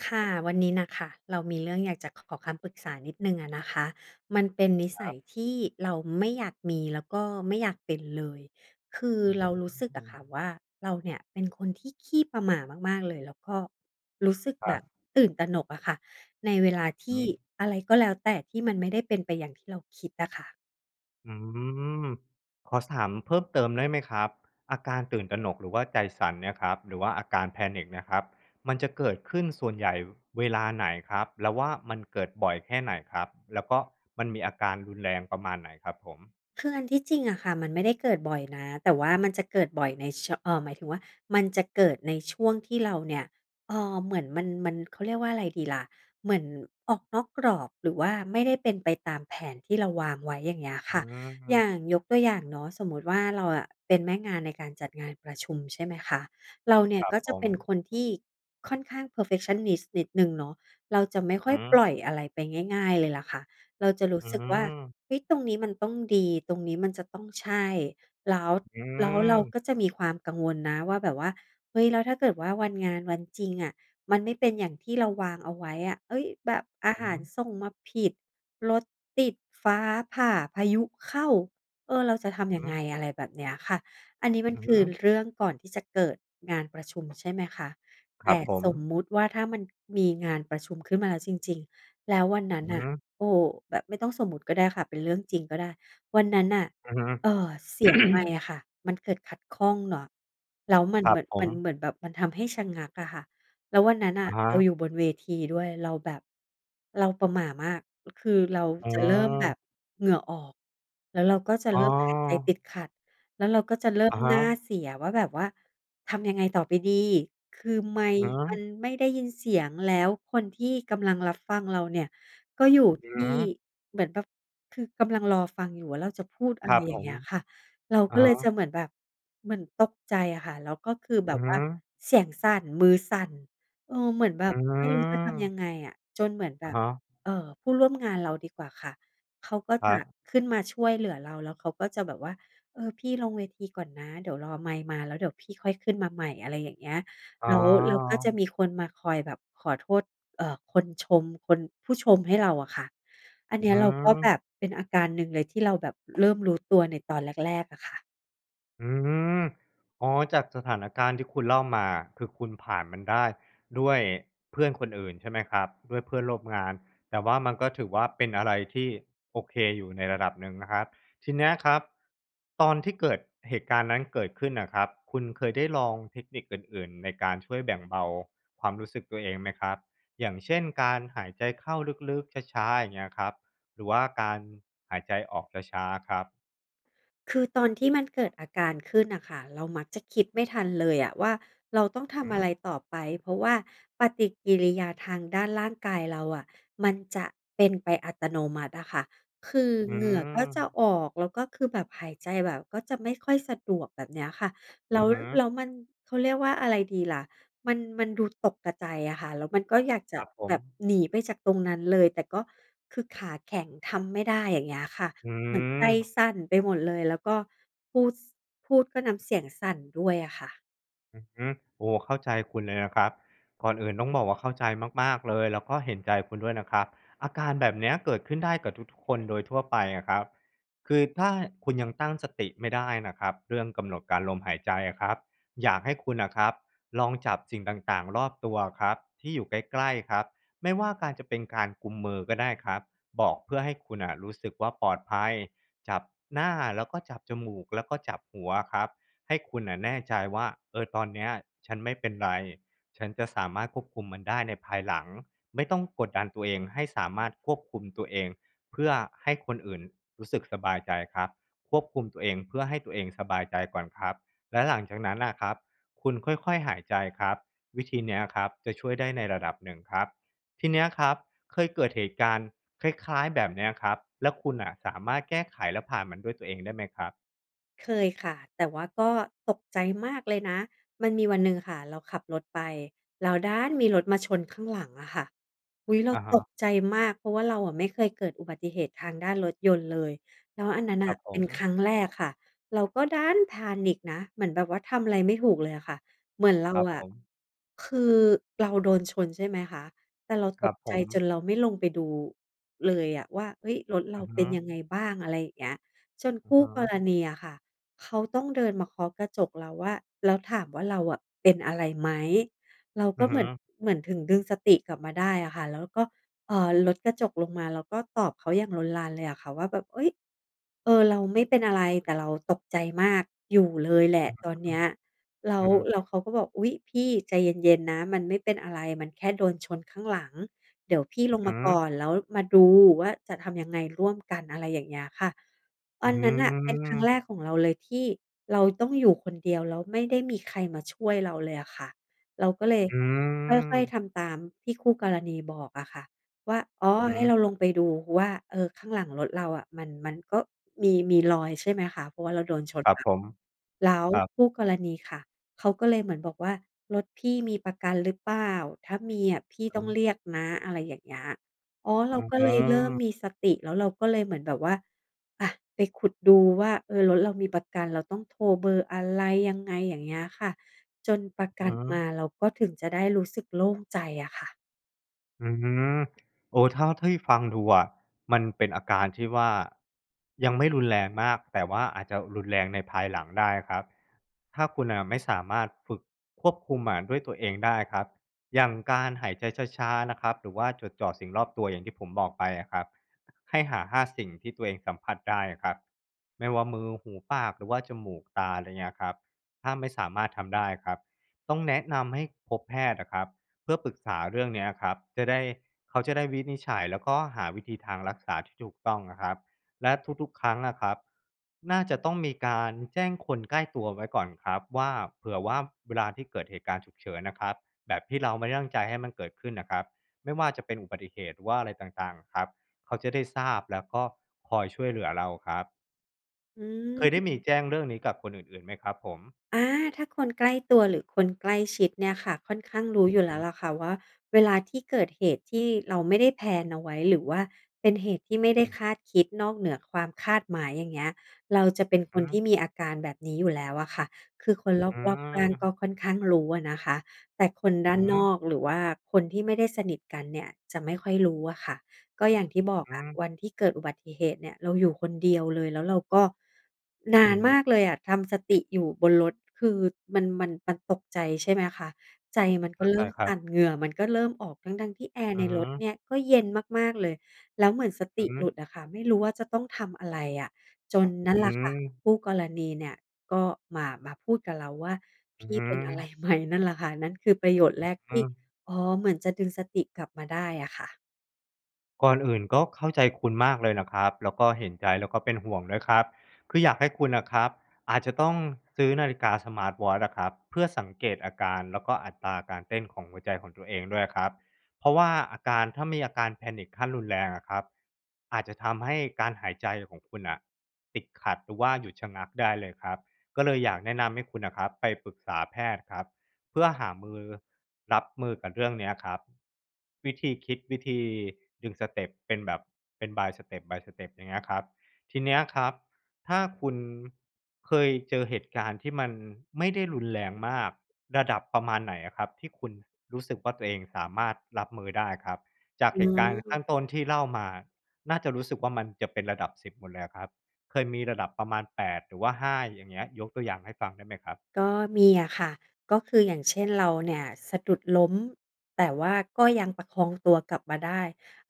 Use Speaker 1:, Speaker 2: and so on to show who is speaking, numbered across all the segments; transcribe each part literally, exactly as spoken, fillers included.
Speaker 1: ค่ะ วันนี้น่ะค่ะ เรามีเรื่องอยากจะ ข ขอคำปรึกษานิดหนึ่งอะนะคะ มันเป็นนิ
Speaker 2: ค
Speaker 1: สั
Speaker 2: รั
Speaker 1: ย
Speaker 2: บ
Speaker 1: ที่เราไม่อยากมี แล้วก็ไม่อยากเป็นเลย คือ
Speaker 2: อื
Speaker 1: เรารู้สึกอะ
Speaker 2: ม
Speaker 1: ค่ะว่า เราเนี่ยเป็นคนที่ขี้ประหม่ามาก ๆ เลย แล้วก็รู้สึก
Speaker 2: คร
Speaker 1: แบ
Speaker 2: ั
Speaker 1: บ
Speaker 2: บ
Speaker 1: ตื่นตระหนกอะค่ะ ในเวลาท
Speaker 2: อือ
Speaker 1: ี
Speaker 2: ฮ
Speaker 1: ่
Speaker 2: ึ
Speaker 1: อะไรก็แล้วแต่ ที่มันไม่ได้เป็นไปอย่างที่เราคิดอะค่ะ
Speaker 2: อืม ขอ ส ถามเพิ่มเติมได้ไหมครับ? อาการตื่นตระหนกหรือว่าใจสั่นเนี่ยครับ หรือว่าอาการ Panic เนี่ยครับ มันจะเกิดขึ้นส่วนใหญ่เวลาไหนครับ? แล้วว่า มันเกิดบ่อยแค่ไหนครับ? แล้วก็มันมีอาการรุนแรงประมาณไหนครับผม?
Speaker 1: คืออันที่จริงอะค่ะมันไม่ได้เกิดบ่อยนะ แต่ว่ามันจะเกิดบ่อยในเชอะ เออ หมายถึงว่า มันจะเกิดในช่วงที่เราเนี่ย เออ เหมือนมัน มัน เขาเรียกว่าไรดีล่ะ เหมือนออกนอกกรอบ หรือว่าไม่ได้เป็นไปตามแผนที่เราวางไว้ อย่างเงี้ย
Speaker 2: อ
Speaker 1: ค
Speaker 2: ื
Speaker 1: ่ะ อย่
Speaker 2: ม
Speaker 1: างยกตัวอย่างเนาะ สมมติว่าเราอะเป็นแม่งานในการจัดงานประชุม ใช่ไหมคะ เราเนี่
Speaker 2: ค
Speaker 1: ย
Speaker 2: รับ
Speaker 1: ก็
Speaker 2: ผ
Speaker 1: จะเป็น
Speaker 2: ม
Speaker 1: คนที่ค่อนข้าง เพอร์เฟกชันนิสต์ นิดหนึ่งเนาะ เราจะไม่ค่อ
Speaker 2: อือ
Speaker 1: ย
Speaker 2: ฮ
Speaker 1: ปล
Speaker 2: ึ
Speaker 1: ่อยอะไรไปง่าย ๆ เลยล่ะค่ะ เราจะรู
Speaker 2: อ
Speaker 1: ้
Speaker 2: ื
Speaker 1: สึกว่า
Speaker 2: อ
Speaker 1: "เฮ้ย! ตรงนี้มันต้องดี ตรงนี้มันจะต้องใช่" แล้ว
Speaker 2: อื
Speaker 1: แล้วเรา
Speaker 2: ม
Speaker 1: ก็จะมีความกังวลนะว่า แบบว่า "เฮ้ย! แล้วถ้าเกิดว่า วันงาน วันจริงอะมันไม่เป็นอย่างที่เราวางเอาไว้อะ เฮ้ย! แบบอา
Speaker 2: อ
Speaker 1: ห
Speaker 2: ือ
Speaker 1: า
Speaker 2: ฮ
Speaker 1: ร
Speaker 2: ึ
Speaker 1: ส่งมาผิด รถติด ฟ้าผ่า พายุเข้า เออ เราจะทำ
Speaker 2: อ
Speaker 1: ย
Speaker 2: ื
Speaker 1: ั
Speaker 2: อ
Speaker 1: ง
Speaker 2: ฮ
Speaker 1: ไง?"
Speaker 2: ึ
Speaker 1: อะไรแบบเนี้ยค่ะ อันนี้มั
Speaker 2: อ
Speaker 1: น
Speaker 2: ือ
Speaker 1: ค
Speaker 2: ฮ
Speaker 1: ือ
Speaker 2: ึ
Speaker 1: เรื่องก่อนที่จะเกิดงานประชุม ใช่ไหมคะ
Speaker 2: ค
Speaker 1: แต
Speaker 2: รั
Speaker 1: ่
Speaker 2: บผ
Speaker 1: สม
Speaker 2: ม
Speaker 1: มติว่า ถ้ามันมีงานประชุมขึ้นมาแล้วจริง ๆ แล้ววันนั้น
Speaker 2: อือ
Speaker 1: น่
Speaker 2: ฮ
Speaker 1: ะ
Speaker 2: ึ
Speaker 1: โอ้โฮ แบบไม่ต้องสมมติก็ได้ค่ะ เป็นเรื่องจริงก็ได้ วันนั้นน่ะ
Speaker 2: อือฮึ
Speaker 1: เออ เสียงไมค์อะค่ะ มันเกิดขัดข้องเนาะ แล้วมัน
Speaker 2: คร
Speaker 1: เห
Speaker 2: ั
Speaker 1: มื
Speaker 2: บ
Speaker 1: ่อน
Speaker 2: ผ
Speaker 1: มันเ
Speaker 2: ม
Speaker 1: หมือนแบบ มันทำให้ชะงักอะค่ะ แล้ววันนั้นน่
Speaker 2: อ
Speaker 1: ะ
Speaker 2: ะฮ
Speaker 1: เรา
Speaker 2: ะ
Speaker 1: อยู่บนเวทีด้วย เราแบบ เราประหม่ามาก คือเรา
Speaker 2: อ๋
Speaker 1: จะเริ่มแบ
Speaker 2: อ
Speaker 1: บเหงื่อออก แล้วเราก็จะ
Speaker 2: อ๋
Speaker 1: เร
Speaker 2: อ
Speaker 1: ิ่มหายใจติดขัด แล้วเราก็จะเริ่
Speaker 2: อ
Speaker 1: ม
Speaker 2: ะฮ
Speaker 1: หน้า
Speaker 2: ะ
Speaker 1: เสียว่า แบบว่าทำยังไงต่อไปดี คือไมค
Speaker 2: ฮ
Speaker 1: ์มัน
Speaker 2: ะ!
Speaker 1: ไม่ได้ยินเสียง แล้วคนที่กำลังรับฟังเราเนี่ยก็อยู่
Speaker 2: อื
Speaker 1: ท
Speaker 2: อ
Speaker 1: ี
Speaker 2: ฮ
Speaker 1: ่
Speaker 2: ึ
Speaker 1: เหมือนแบบคือกำลังรอฟังอยู่ว่า เราจะพูดอ
Speaker 2: ค
Speaker 1: ะไ
Speaker 2: ร
Speaker 1: ร
Speaker 2: ับ
Speaker 1: อย
Speaker 2: ผ
Speaker 1: ่างเง
Speaker 2: ม
Speaker 1: ี้ยค่ะ เรา
Speaker 2: อ
Speaker 1: ก
Speaker 2: ะ
Speaker 1: ็เ
Speaker 2: ฮ
Speaker 1: ลยจ
Speaker 2: ะ
Speaker 1: ะเหมือนแบบ เหมือนตกใจอะค่ะ แล้วก็คือแบ
Speaker 2: อือ
Speaker 1: บ
Speaker 2: ฮ
Speaker 1: ว่า
Speaker 2: ึ
Speaker 1: เสียงสั่น มือสั่น เออ เหมือนแบ
Speaker 2: อื
Speaker 1: บไม่รู้จะทำ
Speaker 2: อ
Speaker 1: ยังไงอะ จนเหมือนแบ
Speaker 2: อะ
Speaker 1: บ
Speaker 2: ฮะ
Speaker 1: เอ่อ ผู้ร่วมงานเราดีกว่าค่ะ เขาก็
Speaker 2: คร
Speaker 1: จะ
Speaker 2: ับ
Speaker 1: ขึ้นมาช่วยเหลือเรา แล้วเขาก็จะแบบว่า เออ พี่ลงเวทีก่อนนะ เดี๋ยวรอไมค์มาแล้วเดี๋ยวพี่ค่อยขึ้นมาใหม่ อะไรอย่างเงี้ย แล้ว แล้วก็จะ
Speaker 2: อา
Speaker 1: มีคนมาคอยแบบขอโทษ เอ่อ คนชม คน ผู้ชมให้เราอะค่ะ อันเนี
Speaker 2: อ
Speaker 1: ้
Speaker 2: ือ
Speaker 1: ยเราก็แบ
Speaker 2: ฮึ
Speaker 1: บเป็นอาการหนึ่งเลยที่เราแบบเริ่มรู้ตัวในตอนแรก ๆ อะค่ะ
Speaker 2: อืม อ๋อ จากสถานการณ์ที่คุณเล่ามาอะ คือคุณผ่านมันได้ด้วยเพื่อนคนอื่นใช่ไหมครับ? ด้วยเพื่อนร่วมงาน แต่ว่ามันก็ถือว่า เป็นอะไรที่โอเคอยู่ในระดับหนึ่งนะครับ ทีเนี้ยครับตอนที่เกิดเหตุการณ์นั้นเกิดขึ้นน่ะครับ คุณเคยได้ลองเทคนิคอื่น ๆ ในการช่วยแบ่งเบาความรู้สึกตัวเองไหมครับ? อย่างเช่น การหายใจเข้าลึก ๆ ช้า ๆ อย่างเงี้ยครับ หรือว่าการหายใจออกช้า ๆ ครับ
Speaker 1: คือตอนที่มันเกิดอาการขึ้นน่ะค่ะ เรามักจะคิดไม่ทันเลยอะว่า เราต้องท
Speaker 2: ฮ
Speaker 1: ำอะ
Speaker 2: ึ
Speaker 1: ไรต่อไป เพราะว่าปฏิกิริยาทางด้านร่างกายเราอะมันจะเป็นไปอัตโนมัติอะค่ะ คือ
Speaker 2: อื
Speaker 1: เหงื่อก็จะ
Speaker 2: ม
Speaker 1: ออก แล้วก็คือแบบหายใจแบบก็จะไม่ค่อยสะดวก แบบเนี้ยค่ะ แล
Speaker 2: อ
Speaker 1: ้
Speaker 2: ื
Speaker 1: ว
Speaker 2: อฮึ
Speaker 1: แล้วมัน เขาเรียกว่าอะไรดีล่ะ มัน มันดูตกกะใจ อะค่ะ แล้วมันก็อยากจะ
Speaker 2: ครับผ
Speaker 1: แบบ
Speaker 2: ม
Speaker 1: หนีไปจากตรงนั้นเลย แต่ก็คือขาแข็ง ทำไม่ได้ อย่างเงี้ยค่ะ
Speaker 2: อื
Speaker 1: เหมือนใจ
Speaker 2: ม
Speaker 1: สั่นไปหมดเลย แล้วก็พูด ส พูดก็น้ำเสียงสั่นด้วยอะค่ะ
Speaker 2: อือฮึ โอ้! เข้าใจคุณเลยนะครับ ก่อนอื่นต้องบอกว่า เข้าใจมาก ๆ เลย แล้วก็เห็นใจคุณด้วยนะครับ อาการแบบเนี้ยเกิดขึ้นได้กับทุก ๆ คนโดยทั่วไปอะครับ คือถ้าคุณยังตั้งสติไม่ได้นะครับ เรื่องกำหนดการ ลมหายใจอะครับ อยากให้คุณน่ะครับลองจับสิ่งต่าง ๆ รอบตัวอะครับที่อยู่ใกล้ ๆ ครับ ไม่ว่าการ จะเป็นการกุมมือก็ได้ครับ บอก เพื่อให้คุณน่ะรู้สึกว่า ปลอดภัย จับหน้าแล้วก็จับจมูก แล้วก็จับหัวอะครับ ให้คุณน่ะแน่ใจว่า "เออ ตอนเนี้ยฉันไม่เป็นไร ฉันจะสามารถควบคุมมันได้ในภายหลัง" ไม่ต้องกดดันตัวเองให้สามารถควบคุมตัวเองเพื่อให้คนอื่นรู้สึกสบายใจครับ ควบคุมตัวเองเพื่อให้ตัวเองสบายใจก่อนครับ แล้วหลังจากนั้นน่ะครับ คุณค่อย ๆ หายใจครับ วิธีเนี้ยครับจะช่วยได้ในระดับหนึ่งครับ ทีเนี้ยครับเคยเกิดเหตุการณ์คล้าย ๆ แบบเนี้ยครับ แล้วคุณน่ะสามารถแก้ไขแล้วผ่านมันด้วยตัวเองได้ไหมครับ?
Speaker 1: เคยค่ะ แต่ว่าก็ตกใจมากเลยนะ มันมีวันหนึ่งอะค่ะเราขับรถไป แล้วดันมีรถมาชนข้างหลังอะค่ะ อุ๊ย! เร
Speaker 2: อ
Speaker 1: า
Speaker 2: ะฮ
Speaker 1: ต
Speaker 2: ะ
Speaker 1: กใจมาก เพราะว่าเราอะไม่เคยเกิดอุบัติเหตุทางด้านรถยนต์เลย แล้วอันนั้น
Speaker 2: ค
Speaker 1: น
Speaker 2: ร
Speaker 1: ่
Speaker 2: ั
Speaker 1: ะ
Speaker 2: บผ
Speaker 1: เป็นค
Speaker 2: ม
Speaker 1: รั้งแรกค่ะ เราก็ดัน panic นะ เหมือนแบบว่าทำไรไม่ถูกเลยอะค่ะ เหมือนเรา
Speaker 2: ครับ
Speaker 1: อ
Speaker 2: ผ
Speaker 1: ะ
Speaker 2: ม
Speaker 1: คือเราโดนชนใช่ไหมคะ แต่เรา
Speaker 2: คร
Speaker 1: ต
Speaker 2: ั
Speaker 1: ก
Speaker 2: บผ
Speaker 1: ใจจ
Speaker 2: ม
Speaker 1: นเราไม่ลงไปดูเลยอะว่า "เฮ้ย! รถเ
Speaker 2: อ
Speaker 1: ร
Speaker 2: ื
Speaker 1: า
Speaker 2: อ
Speaker 1: เป
Speaker 2: ฮ
Speaker 1: ็น
Speaker 2: ึ
Speaker 1: ยังไงบ้าง?" อะไรอย่างเงี้ย จน
Speaker 2: อ
Speaker 1: ค
Speaker 2: ือ
Speaker 1: ู
Speaker 2: ฮ
Speaker 1: ่ก
Speaker 2: ึ
Speaker 1: รณีอะค่ะเขาต้องเดินมาเคาะกระจกเราว่า แล้วถามว่า เราอะ "เป็นอะไรไหม?" เรา
Speaker 2: อ
Speaker 1: ก
Speaker 2: ื
Speaker 1: ็
Speaker 2: อ
Speaker 1: เ
Speaker 2: ฮ
Speaker 1: ห
Speaker 2: ึ
Speaker 1: มือน เหมือน ถึงดึงสติกลับมาได้อะค่ะ แล้วเราก็ เอ่อ ลดกระจกลงมา แล้วก็ตอบเขาอย่างลนลานเลยอะค่ะว่า แบบ "เฮ้ย! เออ เราไม่เป็นอะไร แต่เราตกใจมากอยู่เลยแหล
Speaker 2: อื
Speaker 1: ะ
Speaker 2: อฮึ
Speaker 1: ตอนเนี้ย" แล้
Speaker 2: อื
Speaker 1: ว
Speaker 2: อฮึ
Speaker 1: แล้วเขาก็บอก "อุ๊ย! พี่ ใจเย็น ๆ นะ มันไม่เป็นอะไร มันแค่โดนชนข้างหลัง เดี๋ยวพี่
Speaker 2: อ
Speaker 1: ล
Speaker 2: ือ
Speaker 1: ง
Speaker 2: ฮ
Speaker 1: ม
Speaker 2: ึ
Speaker 1: าก่อน แล้วมาดูว่า จะทำยังไงร่วมกัน" อะไรอย่างเงี้ยค่ะ
Speaker 2: อ
Speaker 1: อ
Speaker 2: ื้
Speaker 1: ั
Speaker 2: อ
Speaker 1: นนั้นน่
Speaker 2: ฮ
Speaker 1: ะเป็นครั้
Speaker 2: ือ
Speaker 1: งแรกของเราเลยที่เราต้องอยู่คนเดียว แล้วไม่ได้มีใครมาช่วยเราเลยอะค่ะ เราก็เลย
Speaker 2: อื
Speaker 1: ค่อย ๆ
Speaker 2: ม
Speaker 1: ทำตามที่คู่กรณีบอกอะค่ะว่า อ๋อ
Speaker 2: อือ
Speaker 1: ให
Speaker 2: ฮ
Speaker 1: ้เ
Speaker 2: ึ
Speaker 1: ราลงไปดูว่า เออ ข้างหลังรถเราอะมัน มันก็มี มีรอยใช่ไหมคะ เพราะว่าเราโดนช
Speaker 2: ค
Speaker 1: น
Speaker 2: รับ
Speaker 1: มา
Speaker 2: ผม
Speaker 1: แล้ว
Speaker 2: ครับ
Speaker 1: คู่กรณีค่ะเขาก็เลยเหมือนบอกว่า "รถพี่มีประกันหรือเปล่า? ถ้ามีอะ พี่
Speaker 2: อื
Speaker 1: ต
Speaker 2: อ
Speaker 1: ้อ
Speaker 2: ฮ
Speaker 1: ง
Speaker 2: ึ
Speaker 1: เรียกนะ" อะไรอย่างเงี้ย อ๋อ เร
Speaker 2: อื
Speaker 1: าก็เลยเริ่ม
Speaker 2: ม
Speaker 1: มีสติ แล้วเราก็เลยเหมือนแบบว่า อะ ไปขุดดูว่า เออ รถเรามีประกัน เราต้องโทรเบอร์อะไร ยังไง? อย่างเงี้ยค่ะ จนประก
Speaker 2: อ
Speaker 1: ั
Speaker 2: ื
Speaker 1: น
Speaker 2: อฮ
Speaker 1: มา
Speaker 2: ึ
Speaker 1: เราก็ถึงจะได้รู้สึกโล่งใจอะค่ะ
Speaker 2: อืม โอ้ เท่า เท่าที่ฟังดูอะ มันเป็นอาการที่ว่ายังไม่รุนแรงมาก แต่ว่าอาจจะรุนแรงในภายหลังได้ครับ ถ้าคุณน่ะไม่สามารถฝึกควบคุมอะด้วยตัวเองได้ครับ อย่างการหายใจช้า ๆ นะครับ หรือว่าจดจ่อสิ่งรอบตัวอย่างที่ผมบอกไปอะครับ ให้หา ห้า สิ่งที่ตัวเองสัมผัสได้อะครับ ไม่ว่ามือ หู ปาก หรือว่าจมูก ตา อะไรอย่างเงี้ยครับ ถ้าไม่สามารถทำได้ครับ ต้องแนะนำให้พบแพทย์อะครับ เพื่อปรึกษาเรื่องนี้อะครับ จะได้ เขาจะได้วินิจฉัยแล้วก็หาวิธีทางรักษาที่ถูกต้องอะครับ และทุก ๆ ครั้งอะครับ น่าจะต้องมีการแจ้งคนใกล้ตัวไว้ก่อนครับว่า เผื่อว่าเวลาที่เกิดเหตุการณ์ฉุกเฉินน่ะครับ แบบที่เราไม่ได้ตั้งใจให้มันเกิดขึ้นน่ะครับ ไม่ว่าจะเป็นอุบัติเหตุหรือว่าอะไรต่าง ๆ อะครับ เขาจะได้ทราบแล้วก็คอยช่วยเหลือเราครับ
Speaker 1: อื
Speaker 2: เคยได้
Speaker 1: ม
Speaker 2: มีแจ้งเรื่องนี้กับคนอื่น ๆ ไหมครับผม?
Speaker 1: อา ถ้าคนใกล้ตัวหรือคนใกล้ชิดเนี่ยค่ะ ค่อนข้างรู้อ
Speaker 2: อ
Speaker 1: ย
Speaker 2: ื
Speaker 1: ู
Speaker 2: อ
Speaker 1: ่
Speaker 2: ฮ
Speaker 1: แล้ว
Speaker 2: ึ
Speaker 1: ละค่ะว่า เวลาที่เกิดเหตุที่เราไม่ได้แพลนเอาไว้ หรือว่าเป็นเหตุที่ไม่ได้
Speaker 2: อืม
Speaker 1: คาดคิด นอกเหนือความคาดหมายอย่างเงี้ย เราจะเป็นค
Speaker 2: อื
Speaker 1: น
Speaker 2: อฮ
Speaker 1: ท
Speaker 2: ึ
Speaker 1: ี่มีอาการแบบนี้อยู่แล้วอะค่ะ คือคนร
Speaker 2: อื
Speaker 1: อบ ๆ ข้างก็
Speaker 2: ม
Speaker 1: ค่อนข้างรู้อะนะคะ แต่คนด้า
Speaker 2: อื
Speaker 1: น
Speaker 2: อฮ
Speaker 1: น
Speaker 2: ึ
Speaker 1: อก หรือว่าคนที่ไม่ได้สนิทกันเนี่ยจะไม่ค่อยรู้อะค่ะ ก็อย่างที่บอก
Speaker 2: อื
Speaker 1: อะ
Speaker 2: อ
Speaker 1: วันที่เกิดอุบัติเหตุเนี่ยเราอยู่คนเดียวเลย แล้วเราก็ นา
Speaker 2: อื
Speaker 1: น
Speaker 2: อฮ
Speaker 1: ม
Speaker 2: ึ
Speaker 1: ากเลยอะทำสติอยู่บนรถ คือมัน มัน มันตกใจ ใช่ไหมคะ ใจมันก
Speaker 2: เข
Speaker 1: ็
Speaker 2: ้า
Speaker 1: เร
Speaker 2: ใจ
Speaker 1: ิ่ม
Speaker 2: คร
Speaker 1: ส
Speaker 2: ับ
Speaker 1: ั่น เหงื่อมันก็เริ่มออก ทั้ง ๆ ที่แอร์
Speaker 2: อื
Speaker 1: ใน
Speaker 2: อฮ
Speaker 1: รถเ
Speaker 2: ึ
Speaker 1: นี่ยก็เย็นมาก ๆ เลย แล้วเหมือนสต
Speaker 2: อื
Speaker 1: ิ
Speaker 2: อฮ
Speaker 1: ห
Speaker 2: ึ
Speaker 1: ลุดอะค่ะ ไม่รู้ว่าจะต้องทำอะไรอะ จนนั่นแ
Speaker 2: อ
Speaker 1: หล
Speaker 2: ื
Speaker 1: ะค่ะ
Speaker 2: ม
Speaker 1: คู่กรณีเนี่ยก็มา มาพูดกับเราว่า
Speaker 2: อ
Speaker 1: "พ
Speaker 2: ือ
Speaker 1: ี่
Speaker 2: ฮึ
Speaker 1: เป็นอะไร ไหม?" นั่นละค่ะ นั่นคือประโยชน์แรก
Speaker 2: อ
Speaker 1: ที
Speaker 2: ื
Speaker 1: ่
Speaker 2: ม
Speaker 1: อ๋อ เหมือนจะดึงสติกลับมาได้อะค่ะ
Speaker 2: ก่อนอื่น ก็เข้าใจคุณมากเลยนะครับ แล้วก็เห็นใจ แล้วก็เป็นห่วงด้วยครับ คืออยากให้คุณน่ะครับ อาจจะต้องซื้อนาฬิกาสมาร์ตวอตช์อะครับ เพื่อสังเกตอาการ แล้วก็อัตราการเต้นของหัวใจของตัวเองด้วยครับ เพราะว่าอาการ ถ้ามีอาการ Panic ขั้นรุนแรงอะครับ อาจจะทำให้การหายใจของคุณน่ะ ติดขัดหรือว่าหยุดชะงักได้เลยครับ ก็เลยอยากแนะนำให้คุณน่ะครับ ไปปรึกษาแพทย์ครับ เพื่อหามือ รับมือกับเรื่องเนี้ยครับ วิธีคิด วิธีดึงสเตปเป็นแบบ เป็น by step by step อย่างเงี้ยครับ ทีเนี้ยครับ ถ้าคุณเคยเจอเหตุการณ์ที่มันไม่ได้รุนแรงมาก ระดับประมาณไหนอะครับ? ที่คุณรู้สึกว่า ตัวเองสามารถรับมือได้ครับ จาก
Speaker 1: อ
Speaker 2: เห
Speaker 1: ๋
Speaker 2: ตุการณ์ข
Speaker 1: อ
Speaker 2: ้างต้นที่เล่ามา น่าจะ รู้สึกว่า มันจะเป็นระดับ สิบ หมดเลยอะครับ เคยมีระดับประมาณ แปด หรือว่า ห้า อย่างเงี้ย ยกตัวอย่างให้ฟังได้ไหมครับ?
Speaker 1: ก็มีอะค่ะ ก็คือ อย่างเช่น เราเนี่ยสะดุดล้ม แต่ว่าก็ยังประคองตัวกลับมาได้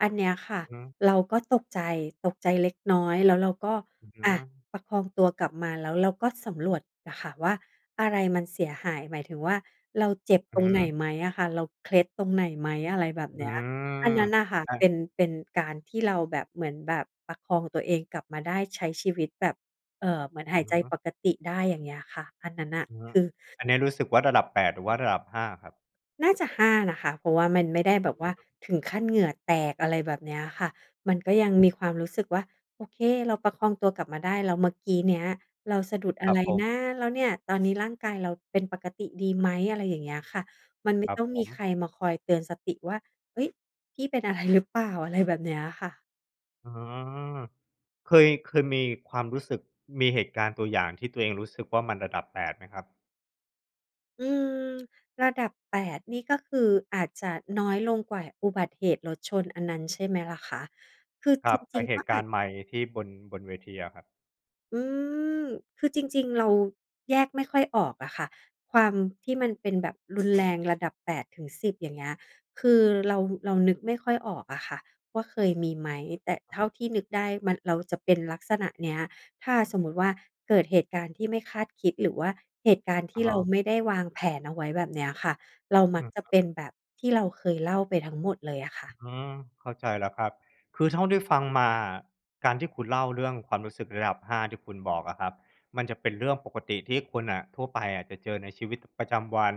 Speaker 1: อันเนี้ยค่ะ
Speaker 2: อือฮึ
Speaker 1: เราก็ตกใจ ตกใจเล็กน้อย แล้วเราก็
Speaker 2: อือฮ
Speaker 1: อะ
Speaker 2: ึ
Speaker 1: ประคองตัวกลับมา แล้วเราก็สำรวจน่ะค่ะว่าอะไรมันเสียหาย หมายถึงว่า เราเจ็บ
Speaker 2: อ
Speaker 1: ต
Speaker 2: ื
Speaker 1: ร
Speaker 2: อ
Speaker 1: งไห
Speaker 2: ฮ
Speaker 1: น
Speaker 2: ึ
Speaker 1: ไหมอะค่ะ เราเคล็ดตรงไหนไหม? อะไรแบบเ
Speaker 2: อ
Speaker 1: น
Speaker 2: ื
Speaker 1: ี้ย อัน
Speaker 2: ม
Speaker 1: นั้นน่ะค่ะ
Speaker 2: อะ
Speaker 1: เป็น เป็นการที่เราแบบเหมือนแบบประคองตัวเองกลับมาได้ ใช้ชีวิตแบบ เอ่อ เหมือนหาย
Speaker 2: อื
Speaker 1: ใ
Speaker 2: อ
Speaker 1: จ
Speaker 2: ฮึ
Speaker 1: ปกติได้ อย่างเงี้ยค่ะ อันนั้นน่ะ
Speaker 2: อือฮึ
Speaker 1: คือ
Speaker 2: อันเนี้ยรู้สึกว่า ระดับ แปด หรือว่าระดับ ห้า ครับ?
Speaker 1: น่าจะ ห้า นะคะ เพราะว่ามันไม่ได้แบ
Speaker 2: อือ
Speaker 1: บว่า
Speaker 2: ฮึ
Speaker 1: ถึงขั้นเหงื่อแตก อะไรแบบเนี้ยค่ะ มันก็ยังมีความรู้สึกว่า "โอเค เราประคองตัวกลับมาได้ แล้วเมื่อกี้เนี้ย เราสะดุดอ
Speaker 2: ค
Speaker 1: ะ
Speaker 2: รั
Speaker 1: ไร
Speaker 2: บผ
Speaker 1: น
Speaker 2: ม
Speaker 1: ะ? แล้วเนี่ย ตอนนี้ร่างกายเราเป็นปกติดีไหม?" อะไรอย่างเงี้ยค่ะ มันไม
Speaker 2: ค
Speaker 1: ่
Speaker 2: รั
Speaker 1: ต
Speaker 2: บ
Speaker 1: ้อง
Speaker 2: ผ
Speaker 1: มีใค
Speaker 2: ม
Speaker 1: รมาคอยเตือนสติว่า "เฮ้ย! พี่เป็นอะไรหรือเปล่า?" อะไรแบบเนี้ยค่ะ
Speaker 2: อืม เคย เคยมีความรู้สึก มีเหตุการณ์ตัวอย่างที่ตัวเองรู้สึกว่ามันระดับ แปด ไหมครับ?
Speaker 1: อืม ระดับ แปด นี่ก็คือ อาจจะน้อยลงกว่าอุบัติเหตุรถชน อันนั้นใช่ไหมล่ะคะ? คือ
Speaker 2: คร
Speaker 1: จ
Speaker 2: ับ ไอ
Speaker 1: ร
Speaker 2: ้
Speaker 1: ิง
Speaker 2: เห
Speaker 1: ๆ ก็
Speaker 2: ตุก
Speaker 1: อ
Speaker 2: า
Speaker 1: าจ
Speaker 2: รณ์ไมค์ที่บน บนเวทีอะครับ
Speaker 1: อืม คือจริง ๆ เราแยกไม่ค่อยออกอะค่ะ ความที่มันเป็นแบบ รุนแรงระดับ แปด ถึง สิบ อย่างเงี้ย คือเรา เรานึกไม่ค่อยออกอะค่ะ ว่าเคยมีไหม แต่เท่าที่นึกได้ มัน เราจะเป็นลักษณะเนี้ย ถ้าสมมติว่าเกิดเหตุการณ์ที่ไม่คาดคิด หรือว่าเหตุการณ์ท
Speaker 2: อ
Speaker 1: ี
Speaker 2: ะ
Speaker 1: ่
Speaker 2: ฮ
Speaker 1: เรา
Speaker 2: ะ
Speaker 1: ไม่ได้วางแผนเอาไว้แบบเนี้ยค่ะ เราม
Speaker 2: อื
Speaker 1: ัก
Speaker 2: ม
Speaker 1: จะ
Speaker 2: ครั
Speaker 1: เ
Speaker 2: บ
Speaker 1: ป็นแบบที่เราเคยเล่าไปทั้งหมดเลยอะค่ะ
Speaker 2: อืม เข้าใจแล้วครับ คือเท่าที่ฟังมาอะ การที่คุณเล่าเรื่องความรู้สึกระดับ ห้า ที่คุณบอกอะครับ มันจะเป็นเรื่องปกติที่คนน่ะ ทั่วไปอะ จะเจอในชีวิตประจำวัน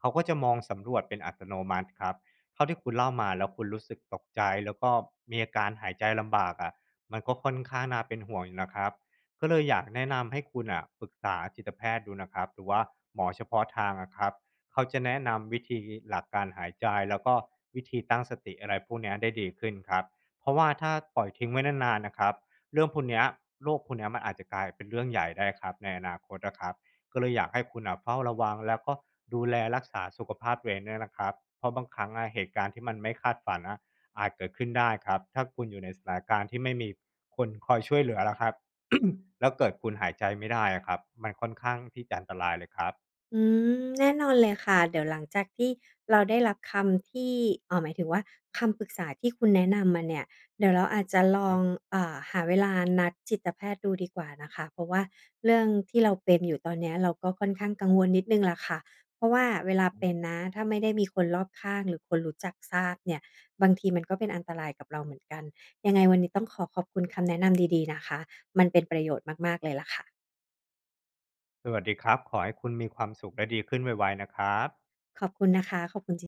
Speaker 2: เขาก็จะมองสำรวจเป็นอัตโนมัติครับ เท่าที่คุณเล่ามา แล้วคุณรู้สึกตกใจ แล้วก็มีอาการหายใจลำบากอะ มันก็ค่อนข้างน่าเป็นห่วงอยู่นะครับ ก็เลยอยากแนะนำให้คุณน่ะปรึกษาจิตแพทย์ดูนะครับ หรือว่าหมอเฉพาะทางอะครับ เขาจะแนะนำวิธี หลักการหายใจ แล้วก็วิธีตั้งสติ อะไรพวกเนี้ยได้ดีขึ้นครับ เพราะว่าถ้าปล่อยทิ้งไว้นาน ๆ น่ะครับ เรื่องพวกเนี้ย โรคพวกเนี้ย มันอาจจะกลายเป็นเรื่องใหญ่ได้ครับ ในอนาคตอะครับ ก็เลยอยากให้คุณน่ะเฝ้าระวัง แล้วก็ดูแลรักษาสุขภาพตัวเองด้วยนะครับ เพราะบางครั้งอะเหตุการณ์ที่มันไม่คาดฝันน่ะ อาจเกิดขึ้นได้ครับ ถ้าคุณอยู่ในสถานการณ์ที่ไม่มีคนคอยช่วยเหลือล่ะครับ แล้วเกิดคุณหายใจไม่ได้อะครับ มันค่อนข้างที่จะอันตรายเลยครับ
Speaker 1: อืม แน่นอนเลยค่ะ เดี๋ยวหลังจากที่เราได้รับคำที่ อ่า หมายถึงว่า คำปรึกษาที่คุณแนะนำมาเนี่ย เดี๋ยวเราอาจจะ
Speaker 2: อื
Speaker 1: ล
Speaker 2: อฮ
Speaker 1: อง
Speaker 2: ึ
Speaker 1: อ่า หาเวลานัดจิตแพทย์ดูดีกว่านะคะ เพราะว่าเรื่องที่เราเป็นอยู่ตอนเนี้ย เราก็ค่อนข้างกังวลนิดหนึ่งแหละค่ะ เพราะว่าเวลา
Speaker 2: อือฮ
Speaker 1: เป
Speaker 2: ึ
Speaker 1: ็นนะ ถ้าไม่ได้มีคนรอบข้าง หรือคนรู้จักทราบเนี่ย บางทีมันก็เป็นอันตรายกับเราเหมือนกัน ยังไงวันนี้ต้องขอขอบคุณ คำแนะนำดี ๆ นะคะ มันเป็นประโยชน์มาก ๆ เลยละค่ะ
Speaker 2: สวัสดีครับ ขอให้คุณมีความสุขและดีขึ้นไว ๆ นะครับ
Speaker 1: ขอบคุณนะคะ ขอบคุณจริง